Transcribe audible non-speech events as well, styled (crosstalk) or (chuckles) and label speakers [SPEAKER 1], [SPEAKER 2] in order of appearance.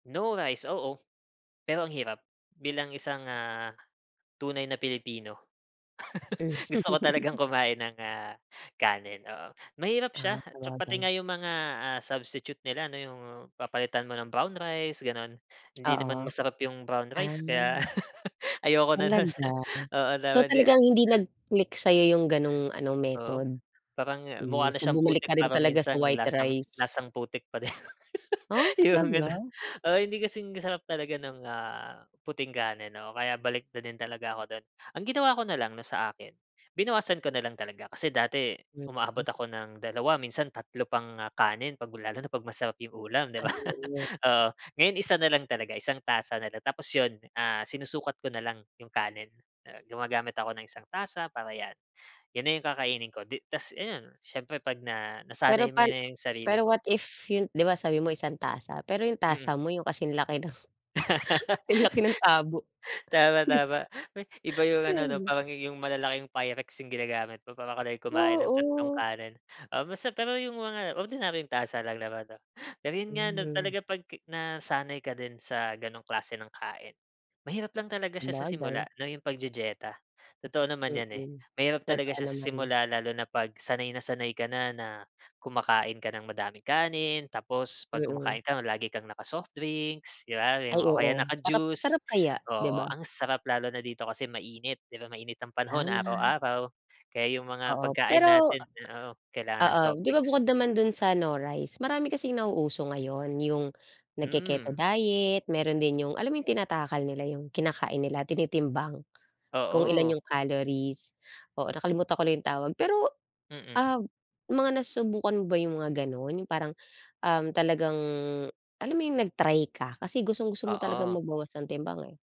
[SPEAKER 1] No rice, oo. Pero ang hirap. Bilang isang, ah, tunay na Pilipino.
[SPEAKER 2] Hmm.
[SPEAKER 1] (laughs) Gusto ko talagang
[SPEAKER 2] (laughs)
[SPEAKER 1] kumain ng, ah, kanin, oo. Mahirap
[SPEAKER 2] Ah,
[SPEAKER 1] siya tsu pati
[SPEAKER 2] sabagay.
[SPEAKER 1] nga yung mga, ah, substitute nila, ano yung papalitan mo ng brown rice, ganon. Hindi naman
[SPEAKER 2] Oo.
[SPEAKER 1] masarap yung brown rice kaya
[SPEAKER 2] Ah.
[SPEAKER 1] (laughs) ayoko na nu'n.
[SPEAKER 2] Talaga?
[SPEAKER 1] Oo
[SPEAKER 2] So
[SPEAKER 1] naman di ah
[SPEAKER 2] talagang hindi nag-click sa'yo yung gano'ng ano,
[SPEAKER 1] Oo.
[SPEAKER 2] method?
[SPEAKER 1] Parang
[SPEAKER 2] Hmm,
[SPEAKER 1] mukha na
[SPEAKER 2] so
[SPEAKER 1] siyang
[SPEAKER 2] bumalik ka
[SPEAKER 1] putik,
[SPEAKER 2] rin
[SPEAKER 1] parang
[SPEAKER 2] talaga sa
[SPEAKER 1] minsan
[SPEAKER 2] white
[SPEAKER 1] lasang
[SPEAKER 2] rice.
[SPEAKER 1] lasang-putik pa din,
[SPEAKER 2] Oh,
[SPEAKER 1] (laughs)
[SPEAKER 2] (clicks tongue)
[SPEAKER 1] yung ganon.
[SPEAKER 2] talaga?
[SPEAKER 1] Oo, hindi kasing sarap talaga ng, ah, puting kanin, oo. Kaya balik na din talaga ako do'n. Ang ginawa ko na lang na sa akin, binawasan ko na lang talaga. Kasi dati,
[SPEAKER 2] Mm.
[SPEAKER 1] umaabot ako ng dalawa minsan tatlo pang ah kanin, 'pag lalo na pag masarap yung ulam, di
[SPEAKER 2] Ay,
[SPEAKER 1] ba?
[SPEAKER 2] oo.
[SPEAKER 1] (laughs) Oo, ngayon isa na lang talaga. Isang tasa na lang tapos yun, ah, sinusukat ko na lang yung kanin. Ah, gumagamit ako ng isang tasa para 'yan. 'Yon na yung kakainin ko. Di tapos ayun. Siyempre 'pag na
[SPEAKER 2] Pero
[SPEAKER 1] nasanay mo
[SPEAKER 2] pan
[SPEAKER 1] na 'yong sarili
[SPEAKER 2] pero
[SPEAKER 1] mo
[SPEAKER 2] what if yun di ba, sabi mo isang tasa, pero yung
[SPEAKER 1] Mm.
[SPEAKER 2] tasa mo yung kasing laki ng, 'sinlaki ng tabo,
[SPEAKER 1] (laughs) Tama,
[SPEAKER 2] dib
[SPEAKER 1] tama. We iba yung
[SPEAKER 2] (chuckles) di
[SPEAKER 1] ano, 'no,
[SPEAKER 2] ba?
[SPEAKER 1] parang yu yung malalaking Pyrex yung ginagamit ko. Para ka din kumain ng tatlong
[SPEAKER 2] Oo.
[SPEAKER 1] kanin. Ah mas sap pero yung mga ordinaryong tasa lang naman, 'no? Pero 'yon nga, no,
[SPEAKER 2] Hmm.
[SPEAKER 1] talaga 'pag nasanay ka din sa gano'ng klase ng kain, mahirap lang talaga siya sa
[SPEAKER 2] Sabagay.
[SPEAKER 1] simula, 'no, yung pagdidiyeta. Totoo naman yan, eh,
[SPEAKER 2] Mm.
[SPEAKER 1] mahirap talaga
[SPEAKER 2] Totoo
[SPEAKER 1] siya sa
[SPEAKER 2] naman.
[SPEAKER 1] simula lalo na 'pag sanay na sanay ka na na kumakain ka ng madaming kanin, tapos 'pag
[SPEAKER 2] Mm.
[SPEAKER 1] kumakain ka, lagi kang naka-soft drinks, di ba?
[SPEAKER 2] Ay,
[SPEAKER 1] O kaya
[SPEAKER 2] oo
[SPEAKER 1] naka
[SPEAKER 2] sarap
[SPEAKER 1] juice.
[SPEAKER 2] sarap kaya, di
[SPEAKER 1] Oo,
[SPEAKER 2] ba?
[SPEAKER 1] ang sarap lalo na dito kasi mainit, di ba, mainit ang panahon
[SPEAKER 2] Tama.
[SPEAKER 1] araw-araw. Kaya yung mga
[SPEAKER 2] Oo,
[SPEAKER 1] pagkain
[SPEAKER 2] pero,
[SPEAKER 1] natin oo kailangan ng
[SPEAKER 2] ah
[SPEAKER 1] soft
[SPEAKER 2] oo, di ba
[SPEAKER 1] drinks.
[SPEAKER 2] bukod naman do'n sa no rice, marami kasing nauuso ngayon, yung nagke-keto
[SPEAKER 1] Hmm.
[SPEAKER 2] diet, meron din yung alam mo yung tinatakal nila yung kinakain nila, tinitimbang. Kung ilan
[SPEAKER 1] Oo.
[SPEAKER 2] yung calories. Oo, nakalimutan ko lang yung tawag. Pero
[SPEAKER 1] Mm.
[SPEAKER 2] ah, mga nasubukan mo ba yung mga ganon? Yung parang, um, talagang alam mo yung nag-try ka? Kasi gustong-gusto mo talagang
[SPEAKER 1] Oo.
[SPEAKER 2] magbawas ng timbang, eh.